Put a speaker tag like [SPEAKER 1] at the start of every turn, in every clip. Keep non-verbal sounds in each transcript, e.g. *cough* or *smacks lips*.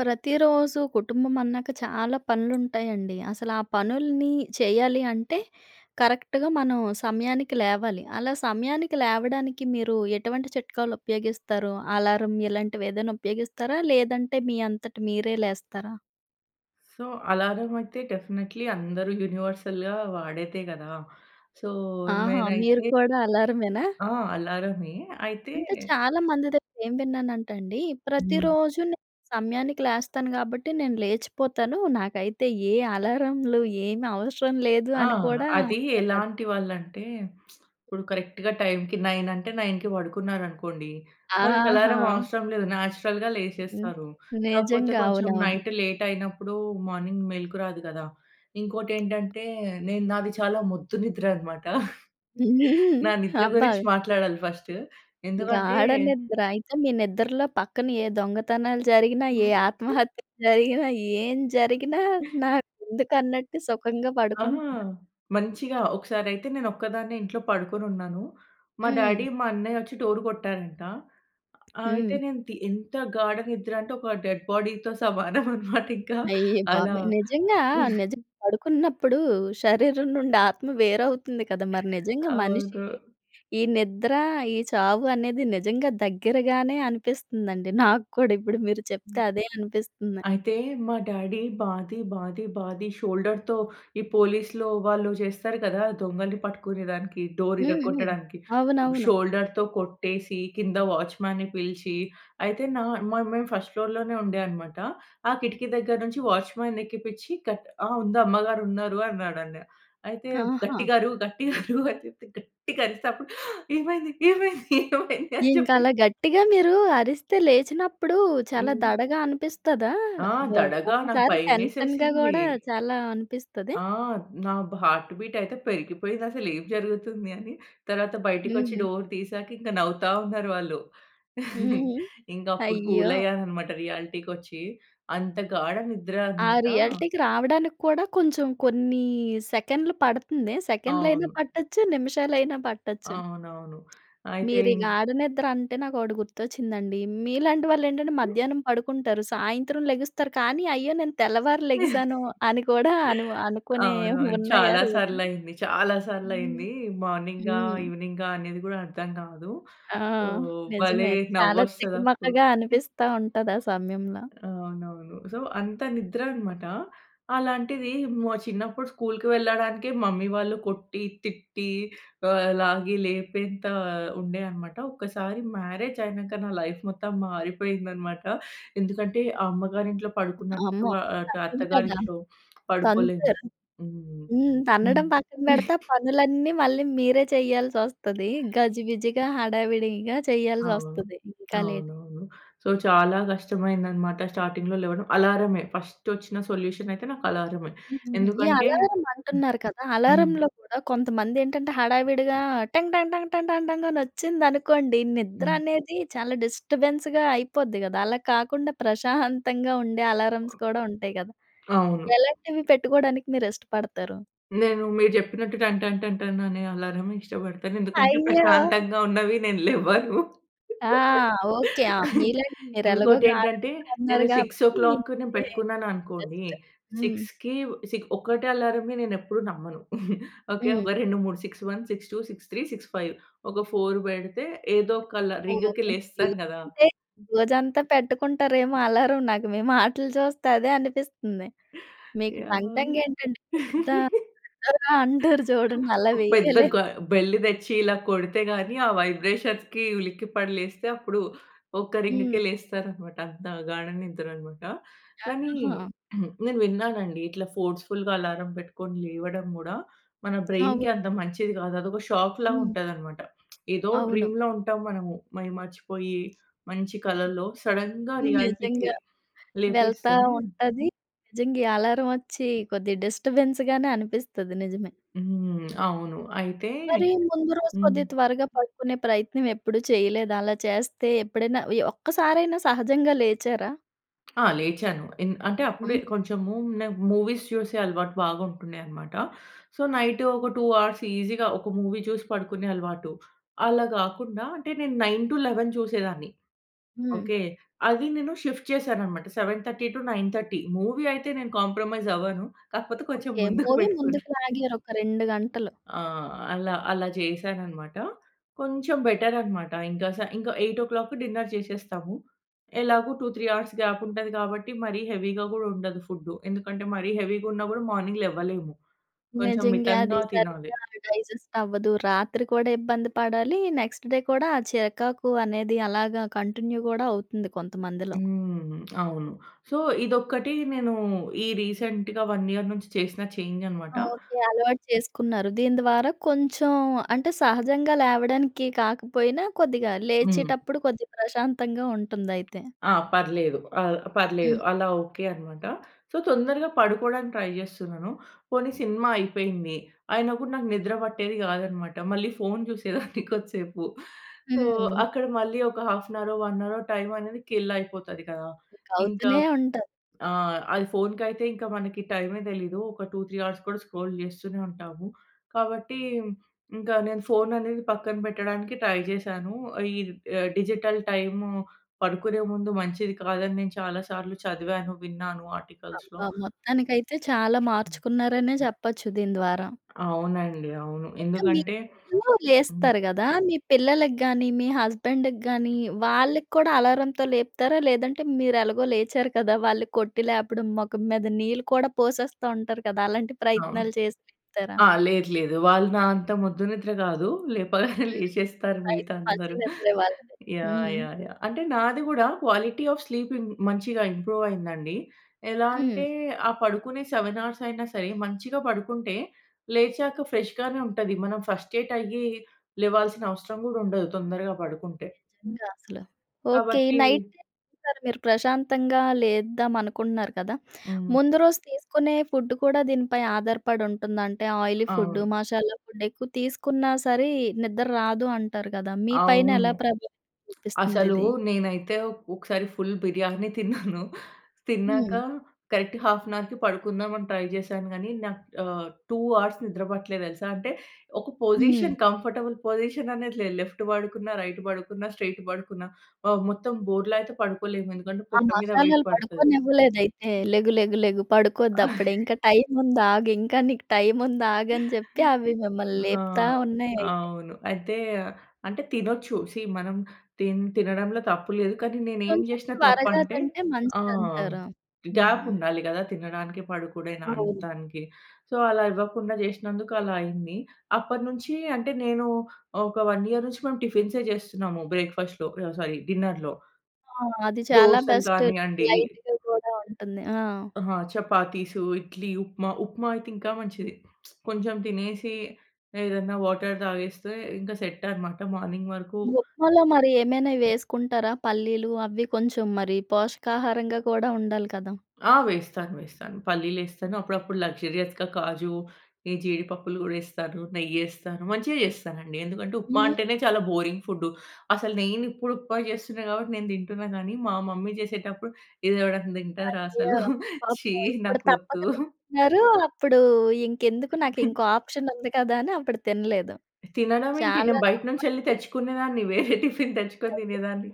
[SPEAKER 1] ప్రతిరోజు కుటుంబం అన్నాక, చాలా పనులు ఉంటాయండి. అసల ఆ పనుల్ని చెయ్యాలి అంటే, కరెక్ట్‌గా మనం సమయానికి లేవాలి. అలా సమయానికి లేవడానికి, మీరు ఎటువంటి చిట్కాలు ఉపయోగిస్తారు? అలారం ఇలాంటివి ఏదైనా ఉపయోగిస్తారా? లేదంటే మీ అంతట మీరే లేస్తారా?
[SPEAKER 2] సో, అలారం‌ అయితే, డెఫినైట్‌లి అందరూ యూనివర్సల్‌గా వాడేతే కదా! సో,
[SPEAKER 1] ఆహా! మీరు
[SPEAKER 2] నేనైతే
[SPEAKER 1] కూడా అలార‌మేనా?
[SPEAKER 2] ఆ! అలార‌మే. అయితే
[SPEAKER 1] అంటే, చాలా మంది దగ్గర ఏం విన్నానంటండి,
[SPEAKER 2] హ్మ్.
[SPEAKER 1] ప్రతిరోజు‌నే సమయానికి లేస్తాను. గాబట్టి, నేను లేచిపోతాను. నాకైతే ఏ అలారంలు, ఏమి అవసరం లేదు
[SPEAKER 2] ఆ!
[SPEAKER 1] అని కూడా
[SPEAKER 2] అది
[SPEAKER 1] అంటారు‌ కదా!
[SPEAKER 2] ఎలాంటి వాళ్ళంటే, *smacks lips* ఇప్పుడు కరెక్ట్‌గా టైమ్‌కి, 9 అంటే, 9 పడుకున్నారనుకోండి, వాళ్ళకి అలారం
[SPEAKER 1] ఆహా!
[SPEAKER 2] అవసరం లేదు. నేచురల్‌గా
[SPEAKER 1] హ్మ్.
[SPEAKER 2] లేసేస్తారు. కాకపోతే,
[SPEAKER 1] నిజంగా.
[SPEAKER 2] కొంచెం
[SPEAKER 1] అవునవును.
[SPEAKER 2] నైట్ లేటైనప్పుడు మార్నింగ్ మెలుకు రాదు కదా! ఇంకోటి ఏంటంటే, నేను నాది చాలా మొద్దు నిద్ర అనమాట. *chuckles*
[SPEAKER 1] హ్మ్.
[SPEAKER 2] నా
[SPEAKER 1] *giggles*
[SPEAKER 2] నిద్ర
[SPEAKER 1] అబ్బా!
[SPEAKER 2] గురించి మాట్లాడాలి ఫస్టు ఎందుకంటే
[SPEAKER 1] గాఢ నిద్ర. అయితే, మీ నిద్రలో పక్కన, ఏ దొంగతనాలు జరిగినా, ఏ
[SPEAKER 2] *giggles*
[SPEAKER 1] ఆత్మహత్యలు జరిగినా, ఏం జరిగినా నాకు ఎందుకు అన్నట్టు సుఖంగా
[SPEAKER 2] ఆహా!
[SPEAKER 1] పడుకుంటారు.
[SPEAKER 2] మంచిగా ఒకసారి అయితే, నేను ఒక్కదాన్నే ఇంట్లో పడుకొని ఉన్నాను. మా డాడీ,
[SPEAKER 1] హ్మ్.
[SPEAKER 2] మా అన్నయ్యొచ్చి డోర్ కొట్టారంట. ఆహ్, అయితే,
[SPEAKER 1] హ్మ్.
[SPEAKER 2] నేను తి ఎంత గాఢ నిద్ర అంటే, ఒక డెడ్ బాడీతో సమానం అన్నమాట ఇంకా
[SPEAKER 1] అయ్య
[SPEAKER 2] అలా
[SPEAKER 1] బాబోయ్! నిజంగా, నిజంగా పడుకున్నప్పుడు శరీరం నుండి ఆత్మ వేరువుతుంది కదా! మరి నిజంగా మనిషి
[SPEAKER 2] అవును.
[SPEAKER 1] ఈ నిద్ర, ఈ చావు అనేది నిజంగా దగ్గరగానే అనిపిస్తుందండి. నాక్కూడా, ఇప్పుడు మీరు చెప్తే
[SPEAKER 2] హ్మ్.
[SPEAKER 1] అదే అనిపిస్తుంది.
[SPEAKER 2] అయితే, మా డాడీ బాది, బాది, బాది షోల్డర్‌తో, ఈ పోలీస్‌‌లో వాళ్ళు చేస్తారు కదా! దొంగలని పట్టుకునే దానికి డోర్
[SPEAKER 1] హ్మ్. హ్మ్.
[SPEAKER 2] విరగొట్టడానికి.
[SPEAKER 1] అవునవును.
[SPEAKER 2] షోల్డర్‌తో కొట్టేసి, కింద వాచ్‌మెన్‌న్ని పిలిచి. అయితే, న మ మేము ఫస్ట్ ఫ్లోర్‌ లోనే ఉండే అన్నమాట. ఆ కిటికీ దగ్గర నుంచి వాచ్మన్‌ని ఎక్కిపించి, కట్ ఆ! ఉంది. అమ్మగారు ఉన్నారు అన్నా‌డం‌డే. అయితే,
[SPEAKER 1] ఆహా!
[SPEAKER 2] గట్టిగా అరు, గట్టిగా అరు అనిచెప్తే గట్టిగా అరిస్తే, అప్పుడు ఆ! ఏమైంది, ఏమైంది, ఏమైంది అని
[SPEAKER 1] ఇంకా
[SPEAKER 2] చెప్పేసి
[SPEAKER 1] అలా, గట్టిగా మీరు అరిస్తే లేచినప్పుడు చాలా
[SPEAKER 2] హ్మ్.
[SPEAKER 1] దడగా అనిపిస్తదా?
[SPEAKER 2] ఆ!
[SPEAKER 1] ఒ
[SPEAKER 2] దడగా నాకు
[SPEAKER 1] ఒక్కసారి టెన్షన్‌గా
[SPEAKER 2] భయమేసేసింది.
[SPEAKER 1] కూడా చాలా అనిపిస్త‌దే?
[SPEAKER 2] ఆ! నా‌బ్ హార్ట్ బీట్ అయితే, పెరిగిపోయింది. అసల ఏం జరుగుతుంది అని. తరువాత బయటికొచ్చి
[SPEAKER 1] హ్మ్.
[SPEAKER 2] డోర్ తీసాక ఇంకా నవ్వుతా ఉన్నారు వాళ్ళు. *chuckles*
[SPEAKER 1] హ్మ్.
[SPEAKER 2] ఇంకా అప్పుడు
[SPEAKER 1] అయ్యో!
[SPEAKER 2] కూలయ్యాను అన్నమాట రియాలిటీ‌కొచ్చి అంత గాఢ నిద్ర
[SPEAKER 1] ఆ!
[SPEAKER 2] అన్నమాట.
[SPEAKER 1] రియాలిటీ‌కి రావడానికి కూడా కొంచెం కొన్ని సెకండ్‌లు పడుతుం‌దే! సెకండ్ లైనా
[SPEAKER 2] అవును.
[SPEAKER 1] పట్టొచ్చు, నిమిషాలైనా పట్టొచ్చు.
[SPEAKER 2] అవునవును. అయితే‌,
[SPEAKER 1] మీరు ఈ
[SPEAKER 2] ఇం
[SPEAKER 1] గాడ నిద్ర అంటే, నాకు ఒకటి గుర్తొచ్చిందండి. మీలాంటి వాళ్ళు ఏంటంటే, మధ్యాహ్నం పడుకుంటారు. సాయంత్రం లెగుస్తారు కానీ, అయ్యో! నేను తెల్లవారు లెగిసాను అని
[SPEAKER 2] *chuckles*
[SPEAKER 1] కూడా అనువు అనుకునే
[SPEAKER 2] అవునవును.
[SPEAKER 1] ఉన్నాయా
[SPEAKER 2] చాలా సార్లు
[SPEAKER 1] రోజు‌లు?
[SPEAKER 2] అయింది. చాలా సార్లు
[SPEAKER 1] హ్మ్.
[SPEAKER 2] అయింది. మార్నింగా,
[SPEAKER 1] హ్మ్.
[SPEAKER 2] ఎవెనింగా అనేది కూడా అర్థం కాదు.
[SPEAKER 1] ఆ!
[SPEAKER 2] సో, భలే
[SPEAKER 1] నిజమే. చాలా
[SPEAKER 2] నవ్వొస్తది అప్పుడు.
[SPEAKER 1] తికమకగా
[SPEAKER 2] *giggles*
[SPEAKER 1] అనిపిస్తా ఉంటది ఆ సమయంలో.
[SPEAKER 2] అవునవును. సో, అంత నిద్ర అన్నమాట. అలాంటిది, మొ చిన్నప్పుడు స్కూల్‌కి వెళ్ళడానికి మమ్మీ వాళ్ళు కొట్టి, తిట్టి ఆహ్, లాగి లేపేంత ఉండే అన్నమాట. ఒకసారి మ్యారేజ్ అయినాక, నా లైఫ్ మొత్తం మారిపోయింది అన్నమాట. ఎందుకంటే, అమ్మగారి ఇం‌టిలో పడుకున్నట్టు
[SPEAKER 1] అమ్మో!
[SPEAKER 2] ఆహ్, అటు
[SPEAKER 1] తప్పదు
[SPEAKER 2] అత్తగారి
[SPEAKER 1] కదా!
[SPEAKER 2] ఇంట్లో పడుకోలేము.
[SPEAKER 1] తాంతరు.
[SPEAKER 2] హ్మ్.
[SPEAKER 1] హ్మ్.
[SPEAKER 2] హ్మ్.
[SPEAKER 1] తన్నడం పక్కన పెడితే, ఆ
[SPEAKER 2] *chuckles*
[SPEAKER 1] పనులన్నీ మళ్ళీ మీరే చేయల్సొస్తది. గజిబిజిగా, హడావిడిగా ఇంకా
[SPEAKER 2] అవును.
[SPEAKER 1] చేయల్సొస్తది. ఇంకా లేట్
[SPEAKER 2] అవునవును. సో, చాలా కష్టమైంది అన్నమాట స్టార్టింగ్‌లో లేవడం. అలార‌మే ఫస్ట్ వచ్చిన సొల్యూషనైతే నాకు అలార‌మే.
[SPEAKER 1] హ్మ్. ఈ
[SPEAKER 2] ఎందుకంటే
[SPEAKER 1] అలారం అంటున్నారు కదా!
[SPEAKER 2] హ్మ్.
[SPEAKER 1] అలారం‌లో కూడా కొంతమంది ఏంటంటే, హడావిడిగా టంగ్ ట, ట, ట, ట, టంగొచ్చిందనుకోండి, నిద్ర
[SPEAKER 2] హ్మ్.
[SPEAKER 1] అనేది చాలా డిస్టర్బెన్‌స్‌గా అయిపోద్ది కదా! అలా కాకుండా ప్రశాంతంగా ఉండే, అలార్‌మ్స్ కూడా ఉంటాయి కదా!
[SPEAKER 2] అవును.
[SPEAKER 1] ఎలాంటివి పెట్టుకోవడానికి మీరు ఇష్టపడతారు?
[SPEAKER 2] నేను మీరు చెప్పినట్టు టన్, టన్, టన్, టన్ అనే అలారం ఇష్టపడతాను. ఎందుకంటే,
[SPEAKER 1] అయ్యో!
[SPEAKER 2] ప్రశాంతంగా ఉన్నవి నేను లేవను.
[SPEAKER 1] ఆ! ఓకే. ఆ!
[SPEAKER 2] *laughs*
[SPEAKER 1] మీలాంటి మీరు ఎలాగో
[SPEAKER 2] ఇంకోటి
[SPEAKER 1] గాడ
[SPEAKER 2] ఏంటంటే,
[SPEAKER 1] అన్నారు
[SPEAKER 2] నేను సిక్స్ ఓ
[SPEAKER 1] గాబట్టి,
[SPEAKER 2] క్లాక్‌‌ను
[SPEAKER 1] ఇదే
[SPEAKER 2] పెట్టుకున్నాను అనుకోండి.
[SPEAKER 1] బెస్ట్. హ్మ్.
[SPEAKER 2] 6:00కి, సి ఒక్కటే అలారం‌ని నేను ఎప్పుడు నమ్మను. *chuckles* ఓకే.
[SPEAKER 1] హ్మ్.
[SPEAKER 2] ఒక 2, 3 6:01, 6:02, 6:03, 6:05 ఒక 4 పెడితే ఏదో ఒక అలా
[SPEAKER 1] ఓహ్!
[SPEAKER 2] రింగ్‌కి
[SPEAKER 1] ఓకే.
[SPEAKER 2] లేస్తాను కదా!
[SPEAKER 1] అంటే రోజంతా పెట్టుకుంటారేమో అలారం నాకు మీ మాటలు చూస్తే అదే అనిపిస్తుంది. మీకు టంగ్,
[SPEAKER 2] యాహ్!
[SPEAKER 1] టంగ్ ఏంటంటే ఆహ్, పెద్ద
[SPEAKER 2] *laughs*
[SPEAKER 1] బిగ్గరగా అంటారు చూడండి అలా
[SPEAKER 2] ఒక పెద్ద
[SPEAKER 1] వెయ్యలేము.
[SPEAKER 2] గ బెల్ తెచ్చి ఇలా కొడితే గాని, ఆ వైబ్రేషన్‌కి ఉలిక్కిపడి లేస్తే అప్పుడు ఒక
[SPEAKER 1] హ్మ్.
[SPEAKER 2] రింగ్‌కే లేస్తారన్నమాట. అంత గాడ నిద్రన్నమాట.
[SPEAKER 1] యాహ్!
[SPEAKER 2] కానీ
[SPEAKER 1] ఆహా!
[SPEAKER 2] *clears throat* నేను విన్నానండి. ఇట్లా ఫోర్స్‌ఫుల్‌గా అలారం పెట్టుకొని లేవడం గూడా, మన
[SPEAKER 1] అవు
[SPEAKER 2] బ్రైన్‌కి అంత మంచిది కాదు. అది ఒక షాక్ లాగా
[SPEAKER 1] హ్మ్.
[SPEAKER 2] ఉంటదన్నమాట. *smacks lips* ఏదో
[SPEAKER 1] అవును.
[SPEAKER 2] డ్రీమ్‌లో ఉంటాం మనము. మైమర్చిపోయి మంచి కలలో సడెన్‌గా రియాలిటీ‌కి
[SPEAKER 1] నిజంగా. వెళ్తా
[SPEAKER 2] లేపేస్తే
[SPEAKER 1] ఉంటది. నిజంగా ఈ అలారం వచ్చి, కొద్దిగా డిస్టర్బెన్స్ గానే అనిపిస్తది. నిజమే.
[SPEAKER 2] హ్మ్. అవును. అయితే
[SPEAKER 1] మరి ముందు రోజు,
[SPEAKER 2] హ్మ్.
[SPEAKER 1] కొద్ది త్వరగా పడుకునే ప్రయత్నం ఎప్పుడూ చేయలేదా? అలా చేస్తే ఎప్పుడైనా ఓ య ఒక్కసారైనా సహజంగా లేచారా?
[SPEAKER 2] ఆ! లేచాను. ఇన్ అంటే అప్పుడే
[SPEAKER 1] హ్మ్.
[SPEAKER 2] కొంచెము నాకు మూవీస్ చూసే అలవాటు బాగా ఉంటుడె అన్నమాట. సో, నైట్ ఒక 2 హౌర్స్ ఈజీగా ఒక మూవీ చూసి పడుకునే అలవాటు. అలా గాకుండా అంటే నేను 9:00-11:00 చూసేదాన్ని.
[SPEAKER 1] హ్మ్.
[SPEAKER 2] ఓకే. అది నేను షిఫ్ట్ చేశానన్నమాట. 7:30-9:30 మూవీ అయితే నేను కాంప్రమైజ్ అవ్వను. కాకపోతే కొంచెం
[SPEAKER 1] ఓకే.
[SPEAKER 2] *giggles* ముందుకు
[SPEAKER 1] మూవీ
[SPEAKER 2] పెట్టుకొని
[SPEAKER 1] ముందుకు లాగారు, ఒక 2 గంటలు.
[SPEAKER 2] ఆ! అలా, అలా చేసానన్నమాట. కొంచెం బెటర్ అన్నమాట. ఇంక స ఇంక 8:00కి డిన్నర్ చేసేస్తాము. ఎలాగో 2, 3 హౌర్స్ గ్యాప్ ఉంటది గాబట్టి, మరి హెవీ‌గా గూడా ఉండదు ఫుడ్. ఎందుకంటే, మరి హెవీ‌గా ఉన్నా గూడా మార్నింగ్ లెవ్వలేము. కొంచెం
[SPEAKER 1] నిజంగా. అది
[SPEAKER 2] మితంగా తినాలి.
[SPEAKER 1] సరిగ్గా డైజెస్ట్ అవ్వదు. రాత్రి కూడా ఇబ్బంది పడాలి. నెక్స్ట్‌ డే కూడా ఆ చికాకు అనేది అలాగా కంటిన్యూ గూడా అవుతుంది కొంతమందిలో.
[SPEAKER 2] హ్మ్. అవును. సో, ఇదొక్కటి నేను ఈ రీసెంట్‌గా 1 ఇయర్ నుంచి చేసిన చేంజ్ అన్నమాట.
[SPEAKER 1] ఓకే. అలవాటు చేసుకున్నారు. దీని ద్వారా కొంచెం, అంటే సహజంగా లేవడానికి కాకపోయినా, కొద్దిగా
[SPEAKER 2] హ్మ్.
[SPEAKER 1] లేచేటప్పుడు కొద్దిగా ప్రశాంతంగా ఉంటుందయితే.
[SPEAKER 2] ఆ! పర్లేదు. ఆ! పర్లేదు.
[SPEAKER 1] హ్మ్.
[SPEAKER 2] అలా ఓకే అన్నమాట. సో, తొందరగా పడుకోవడానికి ట్రై చేస్తున్నాను. పోనీ సినిమా అయిపోయింది. అయినా కూడా నాకు నిద్ర పట్టేది గాదన్నమాట. మళ్ళీ ఫోన్ చూసేదాన్ని కొద్ది సేపు. *chuckles* సో
[SPEAKER 1] హ్మ్.
[SPEAKER 2] అక్కడ మళ్ళి ఒక హాఫ్ అన్ హౌరో, వన్ హౌరో టైమ్ అనేది కిల్ అయిపోతది గదా!
[SPEAKER 1] ఇంక
[SPEAKER 2] ఇంకా
[SPEAKER 1] అవుతూనే ఉంటది.
[SPEAKER 2] ఆహ్, అది ఫోన్‌కయితే ఇంకా మనకి టైమే తెలీదు. ఒక 2, 3 హౌర్స్ గూడా స్క్రోల్ చేస్తూనే ఉంటాము. కాబట్టి ఇంకా నేను ఫోన్ అనేది పక్కన పెట్టడానికి ట్రై చేశాను. ఈ ఆహ్, డిజిటల్ టైము పడుకునే ముందు మంచిది కాదని నేను చాలా సార్లు చదివాను, విన్నాను. ఆర్టికల్స్‌లో.
[SPEAKER 1] అబ్బా! మొత్తానికైతే చాలా మార్చుకున్నారనే చెప్పొచ్చు, దీని ద్వారా.
[SPEAKER 2] అవునండి, అవును.
[SPEAKER 1] ఇంకా మీరు
[SPEAKER 2] ఎందుకంటే హ్మ్.
[SPEAKER 1] లేస్తారు గదా! మీ పిల్లలకి గానీ, మీ హస్బాండ్‌కి గానీ, వాళ్ళకి కూడా అలారం‌తో లేపుతారా? లేదంటే మీరు ఎలాగో లేచారు కదా! వాళ్ళు కొట్టి లేపడం. మొఖం మీద నీళ్ళు కూడా పోసేస్తా ఉంటారు కదా! అలాంటి
[SPEAKER 2] అవును.
[SPEAKER 1] ప్రయత్నాలు చేసి లేపుతారా?
[SPEAKER 2] ఆ! లేదు లేదు. వాళ్ళు నా అంత మొద్దు నిద్ర గాదు. లేపగానే *chuckles*
[SPEAKER 1] హ్మ్.
[SPEAKER 2] లేచేస్తారు మిగతా
[SPEAKER 1] అయితే మంచి
[SPEAKER 2] అందరు.
[SPEAKER 1] నిద్రే వాళ్ళది.
[SPEAKER 2] యాహ్!
[SPEAKER 1] హ్మ్.
[SPEAKER 2] యాహ్! యాహ్! అంటే నాది గూడా క్వాలిటీ ఆఫ్ స్లీపింగ్ మంచిగా ఇంప్రూవ్ అయిందండి. ఎలా అంటే
[SPEAKER 1] హ్మ్.
[SPEAKER 2] ఆ పడుకునే 7 హౌర్స్ అయినా సరే, మంచిగా పడుకుంటే, లేచాక ఫ్రెష్‌గానే ఉంటది. మనం ఫస్ట్రేట్ అయ్యి లేవాల్సిన అవసరం గూడా ఉండదు, తొందరగా పడుకుంటే.
[SPEAKER 1] నిజంగా అసల. ఓకే. ఈ
[SPEAKER 2] కాబట్టి
[SPEAKER 1] నైట్ టైమ్ మీరు ప్రశాంతంగా లేద్దాం అనుకుంటున్నారు కదా! *sucks teeth*
[SPEAKER 2] హ్మ్.
[SPEAKER 1] ముందు రోజు తీసుకునే ఫుడ్డు కూడా దీనిపై ఆధారపడుంటుందా? అంటే ఆయిలీ ఫుడ్డు.
[SPEAKER 2] అవును.
[SPEAKER 1] మసాలా ఫుడ్. ఎక్కువ తీసుకున్నా సరే నిద్దర రాదు అంటారు గదా! మీ పైన
[SPEAKER 2] అవును.
[SPEAKER 1] ఎలా ప్రభావితం చూపిస్తుంది
[SPEAKER 2] అసలు
[SPEAKER 1] ఇది?
[SPEAKER 2] నేనైతే ఒక్ ఒకసారి ఫుల్ బిర్యానీ తిన్నాను. *giggles* తిన్నాక
[SPEAKER 1] హ్మ్.
[SPEAKER 2] కరెక్ట్ హాఫ్ అన్ హౌర్‌కి పడుకుందాం అని ట్రై చేశాను గానీ, నాకు ఆహ్, 2 హౌర్స్ నిద్ర పట్టలే తెలుసా! అంటే ఒక
[SPEAKER 1] హ్మ్.
[SPEAKER 2] పొజిషన్ కంఫర్టబుల్ పొజిషన్ అనేది లేదు. లెఫ్ట్ పడుకున్నా, రైట్ పడుకున్న, స్ట్రెయిట్ పడుకున్నా ఆహ్, మొత్తం బోర్ల అయితే పడుకోలేము. ఎందుకంటే,
[SPEAKER 1] ఆ
[SPEAKER 2] పొట్ట మీద వెయిట్
[SPEAKER 1] మసాలాలు
[SPEAKER 2] పడతది.
[SPEAKER 1] పడుకోనివ్వలేదయితే. లెగు, లెగు, లెగు పడుకోవద్దు అప్పుడే.
[SPEAKER 2] *chuckles*
[SPEAKER 1] ఇంక టైమ్ ఉంది ఆగు, ఇంక నీకు టైమ్ ఉంది ఆగని చెప్పి
[SPEAKER 2] *chuckles*
[SPEAKER 1] అవి మిమ్మల్ని
[SPEAKER 2] ఆ!
[SPEAKER 1] లేపుతా ఉన్నాయి అయితే.
[SPEAKER 2] అవును. అయితే అంటే తినొచ్చు. సీ మనం తిన్ తినడంలో తప్పు లేదు. కానీ నేను ఏమి
[SPEAKER 1] కొంచెం
[SPEAKER 2] చేసినా తప్పు
[SPEAKER 1] త్వరగా
[SPEAKER 2] అంటే
[SPEAKER 1] కంటే
[SPEAKER 2] ఆ!
[SPEAKER 1] మంచిది అంటారా?
[SPEAKER 2] గ్యాప్
[SPEAKER 1] హ్మ్.
[SPEAKER 2] ఉండాలి గదా! తినడానికి. పడుకునే దాన్
[SPEAKER 1] అవును.
[SPEAKER 2] దానికి. సో, అలా ఇవ్వకుండా చేసినందుకు అలా అయింది. అప్పటినుంచి అంటే నేను ఆహ్, ఒక 1 ఇయర్ నుంచి మేము టిఫిన్సే చేస్తున్నాము. బ్రేక్ఫాస్ట్‌లో ఆహ్, సారీ డిన్నర్‌లో.
[SPEAKER 1] ఆ! అది చాలా
[SPEAKER 2] దోసలు
[SPEAKER 1] బెస్ట్.
[SPEAKER 2] గానియండి.
[SPEAKER 1] లైట్‌గా కూడా ఉంటుంది. ఆ!
[SPEAKER 2] ఆ! చపాతీసు, ఇడ్లీ, ఉప్మా. ఉప్మా అయితే ఇంకా మంచిది. *smacks lips* కొంచెం తినేసి ఏదైనా వాటర్ తాగేస్తే ఇంకా సెట్ అన్నమాట. మార్నింగ్ వరకు
[SPEAKER 1] ఉప్మా‌లో మరి ఏమైనా వేసుకుంటారా? పల్లీలు అవి కొంచెం మరి పోషకాహారంగా కూడా ఉండాలి కదా!
[SPEAKER 2] ఆ! వేస్తాను, వేస్తాను. పల్లీలేస్తాను. అప్పుడప్పుడు లక్సూరియస్‌గా కాజు. ఈ జీడిపప్పులు గూడా ఎస్తాను, నెయ్యేస్తాను, మంచిగా చేస్తానండి. ఎందుకంటే ఉప్మా
[SPEAKER 1] హ్మ్.
[SPEAKER 2] అంటేనే చాలా బోరింగ్ ఫుడ్డు. అసలు నేను ఇప్పుడు ఉప్మా చేస్తున్నా గాబట్టి నేను తింటున్నా గానీ. మా మమ్మీ చేసేటప్పుడు ఇది ఎవడైనా తింటారా
[SPEAKER 1] అయ్యో!
[SPEAKER 2] అసలు. ఛీ!
[SPEAKER 1] పాపం. ఇప్పుడు తప్పక
[SPEAKER 2] నాకొద్దు.
[SPEAKER 1] తింటున్నారు. అప్పుడు ఇంకెందుకు నాకు ఇంకో ఆప్షన్ ఉంది కదా! అని అప్పుడు తినలేదు.
[SPEAKER 2] తినడం ఏంటి?
[SPEAKER 1] చాలా
[SPEAKER 2] నేను బయట నుంచి ఎళ్లి
[SPEAKER 1] తప్పండీ.
[SPEAKER 2] తెచ్చుకునేదాన్ని. *chuckles* వేరే టిఫిన్ తెచ్చుకొని
[SPEAKER 1] అదే
[SPEAKER 2] తినేదాన్ని.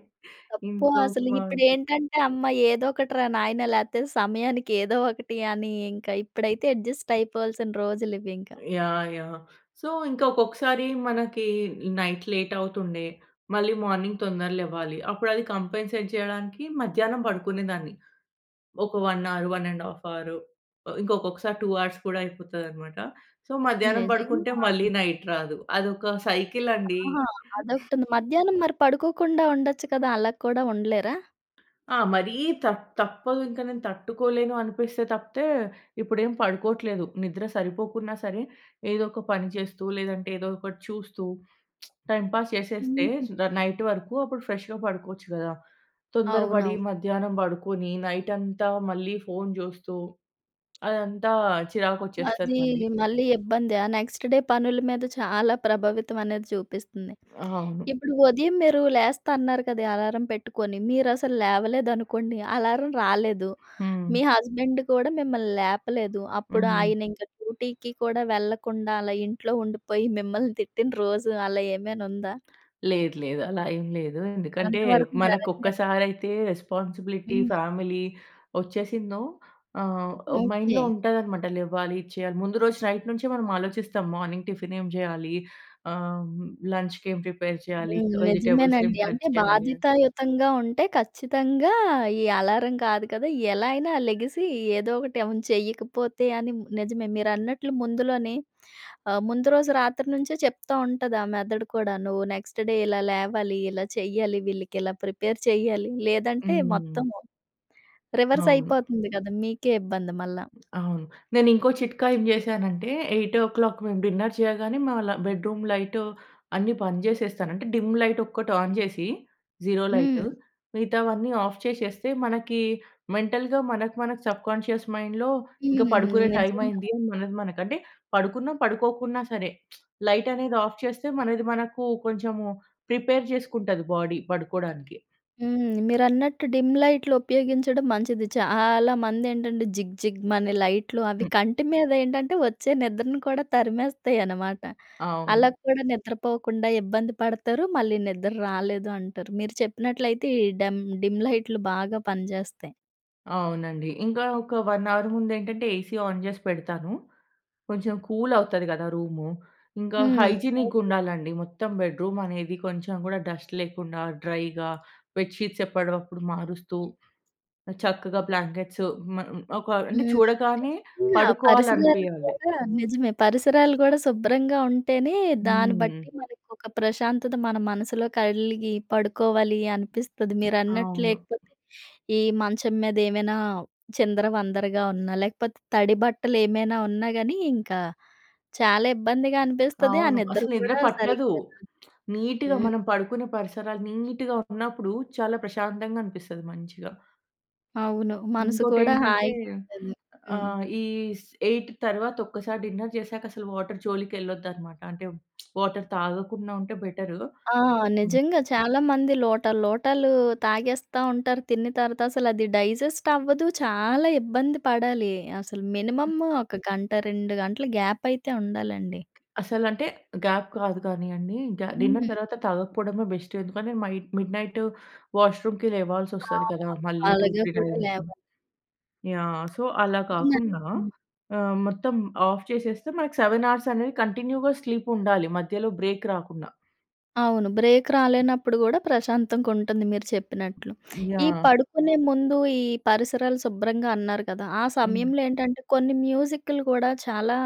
[SPEAKER 1] తప్పు
[SPEAKER 2] ఇంట్లో
[SPEAKER 1] అసలు.
[SPEAKER 2] ఉప్మా అంటే.
[SPEAKER 1] ఇప్పుడేంటంటే అమ్మ! ఏదో ఒకటి రా నాయనా, లేతే సమయానికి ఏదో ఒకటి అని ఇంకా ఇప్పుడైతే అడ్జస్ట్ అయిపోవాల్సిన రోజులు ఇవి ఇంకా.
[SPEAKER 2] యాహ్! యాహ్! సో, ఇంకా ఒక్కొక్కసారి మనకి నైట్ లేట్ అవుతుండే, మళ్ళి మార్నింగ్ తొందరగా లెవ్వాలి. అప్పుడు అది కాంపెన్సేట్ చేయడానికి మధ్యాహ్నం పడుకునే దాన్ని. ఒక 1, 1.5 ఆహ్, ఇంకొకసారి 2 హౌర్స్ కూడా అయిపోతదన్నమాట. సో, మధ్యాహ్నం పడుకుంటే
[SPEAKER 1] నిజంగా.
[SPEAKER 2] మళ్ళి నైట్ రాదు. అది ఒక సైకిల్ అండి.
[SPEAKER 1] ఆహా!
[SPEAKER 2] *chuckles*
[SPEAKER 1] అదొకటుంది. మధ్యాహ్నం మరి పడుకోకుండా ఉండొచ్చు కదా! అలా కూడా ఉండలేరా?
[SPEAKER 2] ఆ! మరీ తప్ తప్పదు ఇంక నేను తట్టుకోలేను అనిపిస్తే తప్పితే, ఇప్పుడేం పడుకోట్లేదు. నిద్ర సరిపోకున్నా సరే, ఏదొక పని చేస్తూ లేదంటే, ఏదో ఒకటి చూస్తూ *smacks lips* టైమ్ పాస్ చేసేస్తే,
[SPEAKER 1] హుహు.
[SPEAKER 2] సు ద నైట్ వరుకు, అప్పుడు ఫ్రెష్‌గా పడుకోచ్చు గదా! తొందరపడీ
[SPEAKER 1] అవునవ్
[SPEAKER 2] మధ్యానం పడుకొనీ, నైటంతా మళ్ళీ ఫోన్ చూస్తూ, అదంతా చిరాకొచ్చేస్తది
[SPEAKER 1] అదీ
[SPEAKER 2] మళ్ళీ.
[SPEAKER 1] మళ్ళీ ఇబ్బందే. ఆ నెక్స్ట్ డే పనులు మీద చాలా ప్రభావితం అనేది చూపిస్తంది.
[SPEAKER 2] ఆ! అవును.
[SPEAKER 1] ఇప్పుడు ఉదయం మీరు లేస్తా అన్నారు కదా! అలారం పెట్టుకొని, మీరసలు లేవలేదనుకోండి. అలారం రాలేదు,
[SPEAKER 2] హ్మ్.
[SPEAKER 1] మీ హస్బెండు కూడా మిమ్మల్ని లేపలేదు. అప్పుడు
[SPEAKER 2] హ్మ్.
[SPEAKER 1] ఆయనింక డ్యూటికి కూడా వెళ్ళకుండా అలా ఇంట్లో ఉండిపోయి మిమ్మల్ని తిట్టిన రోజు అలా ఏమైనుందా?
[SPEAKER 2] లేదు లేదు. అలా ఏం లేదు. ఎందుకంటే,
[SPEAKER 1] అంత వరకు
[SPEAKER 2] మనకు
[SPEAKER 1] జరగలేదా?
[SPEAKER 2] ఒక్కసారైతే రెస్పాన్సిబిలిటీ,
[SPEAKER 1] హ్మ్.
[SPEAKER 2] ఫ్యామిలీ వొచ్చేసిందో ఆహ్, మైండ్‌లో
[SPEAKER 1] ఓకే.
[SPEAKER 2] ఉంటదనమాట, లెవ్వాలి, ఇచ్చెయ్యాలి. ముందు రోజు నైట్ నుంచే మనమాలోచిస్తాం. మోనింగ్ టిఫినేం జెయ్యాలీ, ఆహ్, లంచ్‌‌కేం ప్రిపేర్ చెయ్యాలి,
[SPEAKER 1] హ్మ్.
[SPEAKER 2] వెజిటెబుల్స్ ఏం
[SPEAKER 1] నిజమేనండి.
[SPEAKER 2] కట్
[SPEAKER 1] అంటే
[SPEAKER 2] చెయ్యాలి అన్
[SPEAKER 1] బాధ్యతాయుతంగా ఉంటే, ఖచ్చితంగా ఈ అలారం కాదు కదా, ఎలా అయినా లెగిసీ ఏదో ఒకటి అవును. చెయ్యకపోతే అని, నిజమే. మీరన్నట్లు ముందులోనే ఆహ్, ముందు రోజు రాత్రి నుంచే చెప్తా ఉంటది ఆ మెదడు కూడా. నువ్వు నెక్స్ట్ డే ఇలా లేవాలి, ఇలా చెయ్యాలి. వీళ్ళకిలా ప్రిపేర్ చెయ్యాలి. లేదంటే,
[SPEAKER 2] హ్మ్.
[SPEAKER 1] మొత్తము
[SPEAKER 2] అవును.
[SPEAKER 1] రివర్సయిపోతంది కదా! మీకే ఇబ్బంది మళ్ళా.
[SPEAKER 2] అవును. నేను ఇంకో చిట్కా ఏం జేశానంటే, 8:00 మేము డిన్నర్ చెయ్యగానే, మేము అలా బెడ్రూమ్ లైటు అన్ని బంద్ చేసేస్తాను. అంటే, డిమ్ లైటొక్కటి ఆన్ జేసీ, జీరో లైటు,
[SPEAKER 1] హ్మ్.
[SPEAKER 2] మిగతావన్నీ ఆఫ్ చేసేస్తే, మనకీ మెంటల్‌గా మనకి, మనకి సబ్‌కోన్షియస్ మైండ్‌లో ఇంక పడుకునే
[SPEAKER 1] హ్మ్. నిజంగా.
[SPEAKER 2] టైమయింది అని మనకి, మనకి అంటే, పడుకున్నా, పడుకోకున్నా సరే, *smacks lips* లైటనేది ఆఫ్ చేస్తే మనది మనకూ కొంచము ప్రిపేర్ చేసుకుంటది బాడీ పడుకోడానికి.
[SPEAKER 1] హ్మ్. మీరన్నట్టు డిమ్ లైట్లు ఉపయోగించడం మంచిది. చాలా మంది ఏంటంటే, జిగ్ జిగ్‌మనే లైట్లు అవి
[SPEAKER 2] హ్మ్.
[SPEAKER 1] కంటి మీదేంటంటే, ఒచ్చే నిద్రను కూడా తరిమేస్తయి అనమాట.
[SPEAKER 2] అవును.
[SPEAKER 1] అలాక్కూడ నిద్రపోకుండా ఇబ్బంది పడతారు, మళ్ళీ నిద్దర్రాలేదు అంటారు. మీరు చెప్పినట్లయితే ఈ డమ్ డిమ్ లైట్లు బాగా పనిచేస్తయి.
[SPEAKER 2] అవునండి. ఇంగ ఒక 1 అవర్ ముందేంటంటే ఏసీ ఆన్ జేసి పెడతాను. కొంచెం కూల్ అవుతది గదా! రూము. ఇంకా
[SPEAKER 1] హ్మ్. ఓకె.
[SPEAKER 2] హైజినిగ్గుండాలండి మొత్తం బెడ్‌రూం అనేది. కొంచెం గూడా డస్ట్ లేకుండా డ్రైగా బెడ్ షీట్స్ ఎప్పుడివప్పుడు మారుస్తూ చక్కగా బ్లాంకెట్స్ మ ఒక అంటే
[SPEAKER 1] హ్మ్.
[SPEAKER 2] చూడగానే
[SPEAKER 1] నిజంగా పరిసరాలు
[SPEAKER 2] పడుకోవాలనిపియాలి.
[SPEAKER 1] కూడా నిజమే పరిసరాలు కూడా శుభ్రంగా ఉంటేనే దాన్ని
[SPEAKER 2] హ్మ్.
[SPEAKER 1] బట్టి మనకు ఒక ప్రశాంతత మన మనసులో కలిగి పడుకోవాలి అనిపిస్తది. మీరన్నట్టు
[SPEAKER 2] అవును.
[SPEAKER 1] లేకపోతే ఈ మంచం మీద ఏమైనా చిందర వందరగా ఉన్నా లేకపోతే తడి బట్టలు ఏమైనా ఉన్నా గాని ఇంకా చాలా ఇబ్బందిగా అనిపిస్తది. ఆ
[SPEAKER 2] అవును.
[SPEAKER 1] నిద్ర
[SPEAKER 2] అసలు నిద్ర
[SPEAKER 1] కూడా
[SPEAKER 2] పట్టదు.
[SPEAKER 1] సరిగ్గా రాదు.
[SPEAKER 2] నీట్‌గా
[SPEAKER 1] హ్మ్.
[SPEAKER 2] మనం పడుకునే పరిసరాలు నీట్‌గా ఉన్నప్పుడు చాలా ప్రశాంతంగా అనిపిస్తది మంచిగా.
[SPEAKER 1] అవును. మనసు
[SPEAKER 2] ఇంకోటి
[SPEAKER 1] కూడా
[SPEAKER 2] ఏంటంటే
[SPEAKER 1] హాయిగా ఉంటుంది. హ్మ్.
[SPEAKER 2] ఆహ్, ఈ స్ ఎయిట్ తరువాత ఒక్కసారి డిన్నర్ జేసాక అసలు వాటర్ జోలికెళ్ళొద్దు అన్నమాట. అంటే వాటర్ తాగకుండా ఉంటే బెటరు.
[SPEAKER 1] ఆ! నిజంగా చాలామంది లోటాలు లోటాలు తాగేస్తా ఉంటారు తిన్న తర్వాత. అసలు అది డైజెస్ట్ అవ్వదు. చాలా ఇబ్బంది పడాలి. అసలు మినిమమ్ము ఒక గంట 2 గంటలు గ్యాప్ అయితే ఉండాలండి.
[SPEAKER 2] అసలంటే గ్యాప్ కాదు గాని అండి. గ్యా డిన్నర్
[SPEAKER 1] హ్మ్.
[SPEAKER 2] తరువాత తాగకపోవడమే బెస్టు. ఎందుకంటే మైడ్ మిడ్ నైట్ వాష్రూమ్‌కి లేవాల్సి
[SPEAKER 1] ఆ!
[SPEAKER 2] వస్తది కదా! మళ్ళి టూ,
[SPEAKER 1] అలాగా
[SPEAKER 2] త్రీ
[SPEAKER 1] కూడా లే
[SPEAKER 2] టైమ్స్. యాహ్, సో అలా
[SPEAKER 1] *unintelligible*
[SPEAKER 2] కాకుండా
[SPEAKER 1] హ్మ్.
[SPEAKER 2] ఆహ్, మొత్తం ఆఫ్ చేసేస్తే మనకి 7 అనేది కంటిన్యూ‌గా స్లీప్ ఉండాలి. మధ్యలో బ్రేక్ రాకుండా.
[SPEAKER 1] అవును. బ్రేక్ రాలేనప్పుడు కూడా ప్రశాంతంగా ఉంటుంది మీరు చెప్పినట్లు. ఈ
[SPEAKER 2] యాహ్!
[SPEAKER 1] పడుకునే ముందు ఈ పరిసరాలు శుభ్రంగా అన్నారు కదా! ఆ
[SPEAKER 2] హ్మ్.
[SPEAKER 1] సమయంలో ఏంటంటే కొన్ని మ్యూజిక్‌లు కూడా చాలా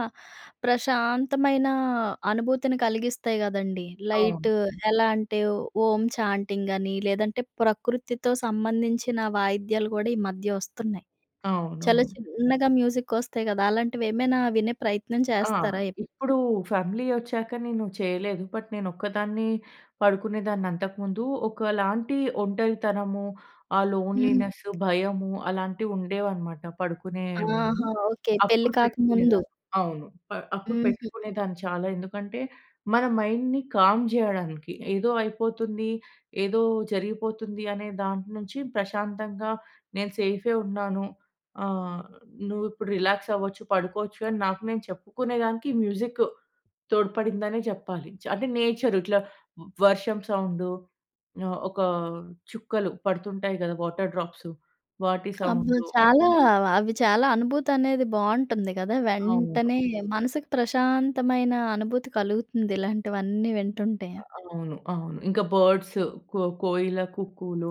[SPEAKER 1] ప్రశాంతమైన అనుభూతిని కలిగిస్తాయి కదండీ!
[SPEAKER 2] అవును.
[SPEAKER 1] లైట్ ఎలా అంటే ఓ ఓం ఛాంటింగ్ అని లేదంటే ప్రకృతితో సంబంధించిన వాయిద్యాలు కూడా ఈ మధ్య వస్తున్నాయి. చాలా
[SPEAKER 2] అవునవును.
[SPEAKER 1] చిన్నగా మ్యూజిక్ వస్తాయి కదా! అలాంటివి ఏమైనా వినే ప్రయత్నం
[SPEAKER 2] ఆ!
[SPEAKER 1] చేస్తారా ఎప్పుడూ?
[SPEAKER 2] ఇప్పుడు ఫ్యామిలీ వచ్చాక నేను చేయలేదు. బట్ నేను ఒక్కదాన్ని పడుకునేదాన్ని అంతకు ముందు. ఒకలాంటి ఒంటరితనము ఆ
[SPEAKER 1] హ్మ్.
[SPEAKER 2] లోన్లీనెస్, భయము అలాంటివి ఉండేవనమాట పడుకునే ముందు.
[SPEAKER 1] ఆహా! ఓకే. పెళ్లి
[SPEAKER 2] అప్పుడు
[SPEAKER 1] కాకముందు.
[SPEAKER 2] పెట్టుకునేదాన్ని. అవును. ప అప్పుడు
[SPEAKER 1] హుహు.
[SPEAKER 2] పెట్టుకునేదాన్ని చాలా. ఎందుకంటే, మన మైండ్‌ని కామ్ చేయడానికి. ఏదో అయిపోతుంది.,ఏదో జరిగిపోతుంది అనే దాని నుంచి ప్రశాంతంగా నేను సేఫే ఉన్నాను. ఆహ్, నువ్వు ఇప్పుడు రిలాక్స్ అవ్వచ్చు, పడుకోవచ్చు అని నాకు నేను చెప్పుకునే దానికి మ్యూజిక్ తోడ్పడిందనే చెప్పాలి. చ అంటే నేచర్ ఇట్లా వర్షం సౌండు ఆహ్, ఒక చుక్కలు పడుతుంటాయి కదా! వాటర్ డ్రాప్సు వాటి
[SPEAKER 1] అబ్బో!
[SPEAKER 2] సౌండ్‌లు.
[SPEAKER 1] చాలా అవి చాలా అనుభూతి అనేది బావుంటుంది కదా!
[SPEAKER 2] అవును.
[SPEAKER 1] వెంటనే మనసుకు ప్రశాంతమైన అనుభూతి కలుగుతుంది. ఇలాంటివన్నీ వింటుంటే.
[SPEAKER 2] అవును. అవును. ఇంకా బర్డ్స్ కో కోయిల కుక్కూలు.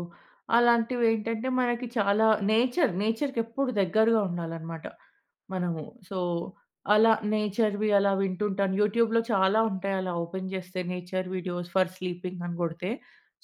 [SPEAKER 2] అలాంటివేంటంటే, మనకి చాలా నేచర్ నేచర్‌కి ఎప్పుడు దగ్గరగా ఉండాలన్నమాట మనము. సో, అలా నేచర్‌వి అలా వింటుంటాను. యూట్యూబ్‌లో చాలా ఉంటాయి. అలా ఓపెన్ చేస్తే నేచర్ వీడియోస్ ఫర్ స్లీపింగ్ అని కొడితే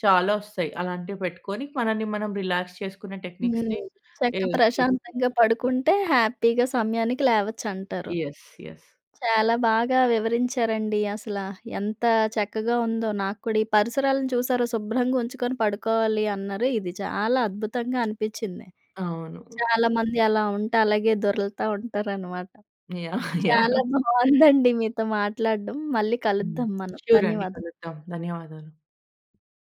[SPEAKER 2] చాలా వస్తాయి. అలాంటివి పెట్టుకొని మనల్ని మనం రిలాక్స్ చేసుకునే
[SPEAKER 1] హ్మ్.
[SPEAKER 2] టెక్నిక్స్‌ని
[SPEAKER 1] చక్క
[SPEAKER 2] ఏ చూసుకోవాలి.
[SPEAKER 1] ప్రశాంతంగా పడుకుంటే హ్యాపీ‌గా సమయానికి లేవచ్చంటారు.
[SPEAKER 2] యస్. యస్.
[SPEAKER 1] చాలా బాగా వివరించారండి. అసల ఎంత చక్కగా ఉందో నాకు కూడా. ఈ పరిసరాలను చూసారు శుభ్రంగా ఉంచుకొని పడుకోవాలి అన్నారు. ఇది చాలా అద్భుతంగా అనిపిచింది.
[SPEAKER 2] అవును.
[SPEAKER 1] చాలామంది అలా ఉంటే అలాగే దొర్లుతూ ఉంటారనమాట.
[SPEAKER 2] యాహ్! యాహ్!
[SPEAKER 1] చాలా బావుందండి *chuckles* మీతో మాట్లాడడం. మళ్ళీ
[SPEAKER 2] హ్మ్.
[SPEAKER 1] కలుద్దాం మనం.
[SPEAKER 2] షూర్ అండి
[SPEAKER 1] ధన్యవాదం.
[SPEAKER 2] కలుద్దాం. ధన్యవాదాలు.